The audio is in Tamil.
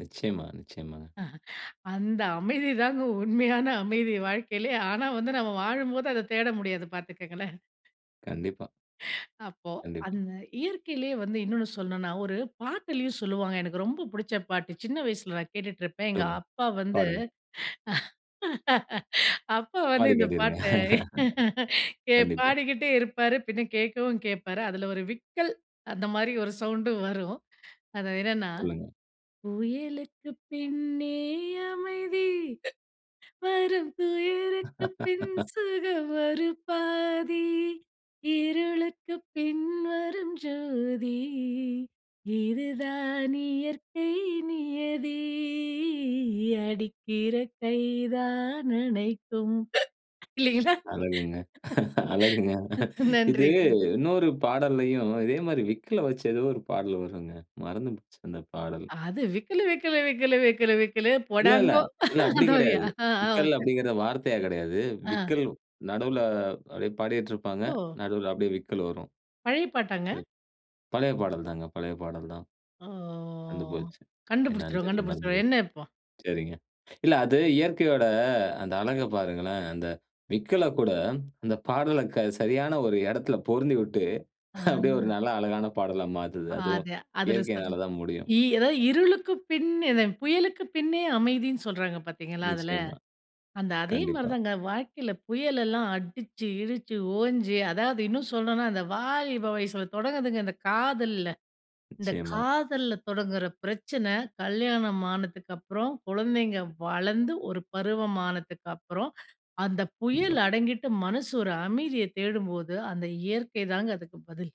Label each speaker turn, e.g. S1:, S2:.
S1: நிச்சயமா, நிச்சயமாங்க.
S2: அஹ. அந்த அமைதி தாங்க உண்மயான அமைதி, வாழ்க்கையிலேயே. ஆனா வந்து, நம்ம வாழும்போது அத தேட முடியாது பாத்துக்கோங்களேன்!
S1: கண்டிப்பா.
S2: அப்போ,
S1: கண்டிப்பா.
S2: அந்த இயற்கையிலேயே வந்து இன்னொன்னு சொல்லணும்ன்னா, ஒரு பாட்டிலும் சொல்வாங்க. எனக்கு ரொம்ப பிடிச்ச பாட்டு, சின்ன வயசுல நான் கேட்டுட்டுருப்பேன். எங்க
S1: சொல்லுங்க.
S2: அப்பா வந்து
S1: பாடுங்க.
S2: அப்பா வந்து,
S1: பாடி
S2: இந்த
S1: காட்டிருங்க.
S2: பாட்ட கே
S1: கண்டிப்பா.
S2: பாடிக்கிட்டே இருப்பாரு. பின்ன கேட்கவும் கேட்பாரு. அதில ஒரு விக்கல் அந்த மாதிரி ஒரு சவுண்டும் வரும். அது என்னன்னா,
S1: சொல்லுங்க.
S2: புயலுக்குப் பின்னே அமைதி, வரும் புயலுக்கு பின் சுகம் ஒரு பாதி. இருளுக்கு பின்வரும் ஜோதி. இது தான் இயற்கை நியதி. அடிக்கிற கை தான் அணைக்கும். இல்லைங்களா?
S1: அழகுங்க, அழகுங்க.
S2: அ
S1: இது
S2: நன்றிங்க.
S1: இன்னொரு பாடல்லையும் இதே மாரி விக்குல வெச்சு ஏதோ ஒரு பாடல் வருங்க. மறந்துடுச்சு. அந்த பாடல்.
S2: அது "விக்கலு விக்கலு விக்கலு, விக்கலு விக்கலு.
S1: இல்லல்ல.
S2: போடாங்கோ!"
S1: இல்ல அப்படி
S2: அந்த மாதிரியா?
S1: கிடையாது.
S2: அ,
S1: விக்கல்
S2: அ. [unintelligible]
S1: அப்படிங்கிறது வார்த்தையா கிடையாது.
S2: அ.
S1: விக்கல் நடுவுல அப்படியே பாடிட்டுருப்பாங்க.
S2: ஓ!
S1: நடுவுல அப்படியே விக்கல் வரும்
S2: பழைய பாட்டாங்க?
S1: எ பழைய பாடல் தாங்க. பழைய பாடல் தான்.
S2: ஓ.
S1: மறந்து போச்சு என்னன்னு
S2: கண்டுபிடிச்சிருவோம்.
S1: தெரில, மறந்து
S2: கண்டுபிடிச்சுருவோம்.
S1: போச்சு.
S2: என்ன இப்போ!
S1: சரிங்க. இல்ல அது இயற்கையோட அந்த அழக பாருங்களேன், அந்த விக்கல கூட, அந்த பாடல க சரியான ஒரு இடத்தில பொருந்திவிட்டு, அப்படியே ஒரு
S2: அ.
S1: நல்ல அழகான பாடலா மாத்துது. அதுவும்
S2: அது அதில சொல்
S1: இயற்கையினால தான் முடியும்.
S2: இ அதாவது இருளுக்கு பின் அந்த புயலுக்கு பின்னே அமைதின்னு சொல்றாங்க பார்த்தீங்களா! அதில,
S1: நிச்சயமா.
S2: அந்த அதே
S1: கண்டிப்பா.
S2: மாதிரிதாங்க வாழ்க்கையில புயல் எல்லாம் அடிச்சு, கிடுச்சு, ஓஞ்சு அதாவது இன்னும் சொல்லணும்னா அந்த வாலிப வயசில தொடங்குதுங்க இந்த காதல்ல. இந்த
S1: நிச்சயமா.
S2: காதல்ல தொடங்குற பிரச்சனை, கல்யாணம் ஆனதுக்கு அப்புறம் குழந்தைங்க வளர்ந்து ஒரு பருவமானத்துக்கு அப்புறம், அந்த
S1: கண்டிப்பா.
S2: புயல் அடங்கிட்டு மனசு ஒரு அமைதிய தேடும்போது, அந்த இயற்கைதாங்க அதுக்கு பதில்!